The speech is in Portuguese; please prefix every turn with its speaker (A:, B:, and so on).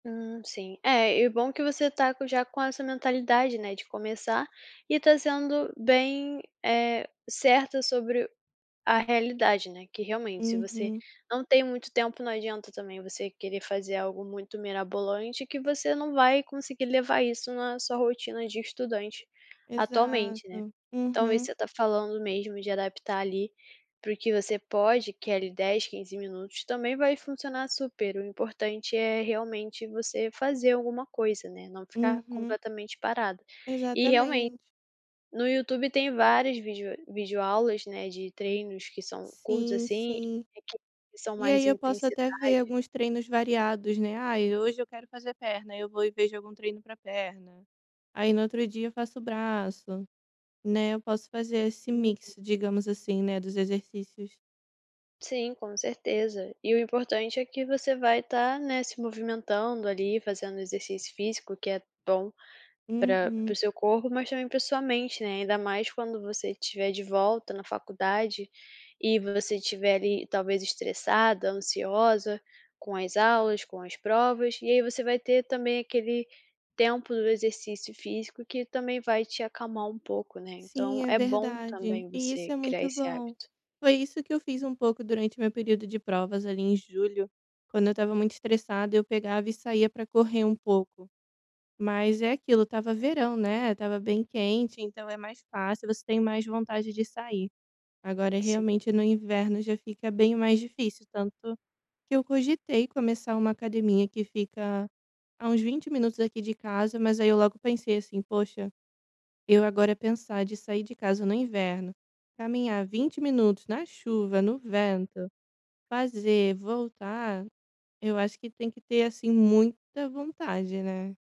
A: Hum, sim. É, e bom que você está com já com essa mentalidade, né, de começar e está sendo bem, eh, certa sobre a realidade, né, que realmente, se você
B: Uhum.
A: não tem muito tempo, não adianta também você querer fazer algo muito mirabolante que você não vai conseguir levar isso na sua rotina de estudante atualmente, né.
B: Exato,
A: Então isso que
B: uhum.
A: você está falando mesmo, de adaptar ali, para o que você pode, que é ali, 10, 15 minutos, também vai funcionar super, o importante é, realmente, você fazer alguma coisa, né, não ficar
B: Uhum.
A: completamente parada. E realmen
B: Exatamente.
A: no YouTube tem várias vídeo videoaulas, né, de treinos que são curtos
B: Sim,
A: assim,
B: sim.
A: e que e são
B: E
A: mais
B: aí eu posso até ver
A: intensidade.
B: alguns treinos variados, né, "ai, hoje eu quero fazer perna", eu vou e vejo algum treino para perna. Aí no outro dia eu faço braço, né, eu posso fazer esse
A: Uhum.
B: mix, digamos assim, né, dos exercícios.
A: Sim, com certeza. E o importante é que você vai estar, né, se movimentando ali, fazendo exercício físico que é bom para para
B: Uhum.
A: o seu corpo, mas também para sua mente, né, ainda mais quando você estiver de volta na faculdade, e você tiver ali, talvez estressada, ansiosa com as aulas, com as provas, e aí você vai ter também aquele tempo do exercício físico, que também vai te acalmar um pouco, né,
B: Sim,
A: então
B: é
A: é bom
B: verdade,
A: também
B: e isso
A: você
B: é
A: criar
B: muito
A: esse
B: bom.
A: hábito.
B: Foi isso que eu fiz um pouco durante o meu período de provas, ali, em julho. Quando eu estava muito estressada, eu pegava e saía para correr um pouco. Mas é aquilo, estava verão, né, estava bem quente, então é mais fácil, você tem mais vontade de sair. Agora
A: Sim.
B: realmente, no inverno já fica bem mais difícil, tanto que eu cogitei começar uma academia que fica há uns 20 minutos aqui de casa, mas aí eu logo pensei assim: "Poxa, eu agora pensar de sair de casa no inverno, caminhar 20 minutos na chuva, no vento, fazer, voltar", eu acho que tem que ter assim muita vontade, né.